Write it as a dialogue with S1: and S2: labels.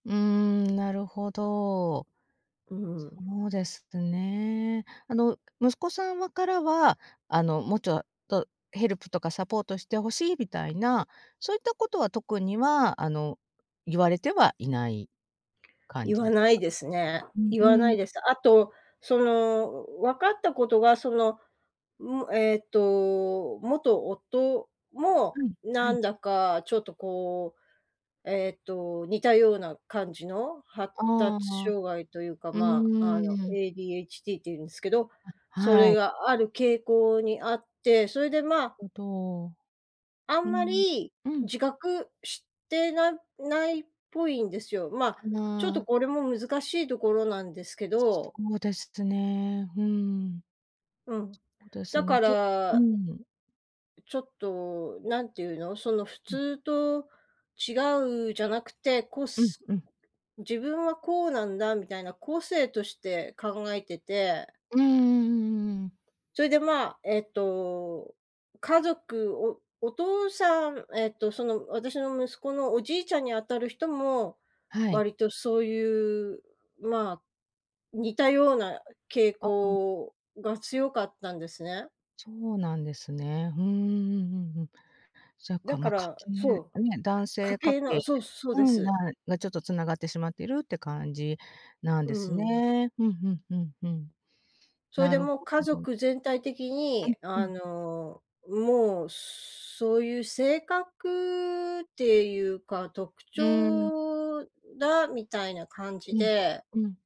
S1: うーん、なるほど。
S2: うん。
S1: そうですね。あの、息子さんはからは、あの、もうちょっとヘルプとかサポートして欲しいみたいな、そういったことは特にはあの、言われてはいない感
S2: 言
S1: じ
S2: わ
S1: です
S2: ない
S1: か？
S2: ですね。
S1: うん
S2: 言
S1: う
S2: わな
S1: ん。
S2: いです。あと、その、分かったことが、その、ん、えっと、元夫も、
S1: はいは
S2: な
S1: い。
S2: んだかちょっとこう、えっと、似たような感じの、発
S1: あ
S2: 達
S1: あ、
S2: 障害というか、
S1: う
S2: まあ、あの、
S1: ーん。
S2: ADHD っていうんですけど、
S1: あ、
S2: そ
S1: は
S2: れ
S1: い。
S2: がある傾向にあって、それでまあ
S1: うんと。
S2: あ
S1: う
S2: んま
S1: ん、
S2: り、
S1: うん。
S2: 自覚してなないっぽいんですよ。ま、
S1: か
S2: ちょっと
S1: な。
S2: これも難しいところなんですけ
S1: そ
S2: ど。
S1: うですね。うーん。
S2: うん、
S1: そうです
S2: だ
S1: ね、
S2: か
S1: そう
S2: ら
S1: ん。
S2: ちょっと、何ていうの、その普
S1: うん。
S2: 通と違うじゃなくて、こ
S1: うん
S2: す
S1: うん。
S2: 自分はこうなんだみたいな個性として考えてて。
S1: うんうんうんうん。
S2: それでまあ、えっと、家族、おお父さん、えっとその私の息子のおじいちゃんにあたる人も、
S1: はい。
S2: 割とそういうまあ、似たような傾
S1: ああ。
S2: 向が強かったんですね。
S1: そうなんですね。ふーん、うんうんうん。じゃ、
S2: だか
S1: まあ、家
S2: ら
S1: 系、
S2: そ
S1: ね、
S2: う、
S1: 男
S2: 家
S1: 性家
S2: 系の
S1: 系
S2: そうそう
S1: う
S2: で
S1: ん、
S2: す。
S1: がちょっと繋がってしまっているって感じなん
S2: う
S1: です
S2: ん。
S1: ね。ふんふんふんふん。
S2: それ
S1: な
S2: で
S1: るほ
S2: もう家
S1: ど。
S2: 族全体的
S1: う
S2: に、
S1: んう
S2: あ
S1: ん。
S2: の、もうそういう性格っていうか、特
S1: うん。
S2: 徴だみたいな感じ
S1: うん、
S2: で。
S1: うん。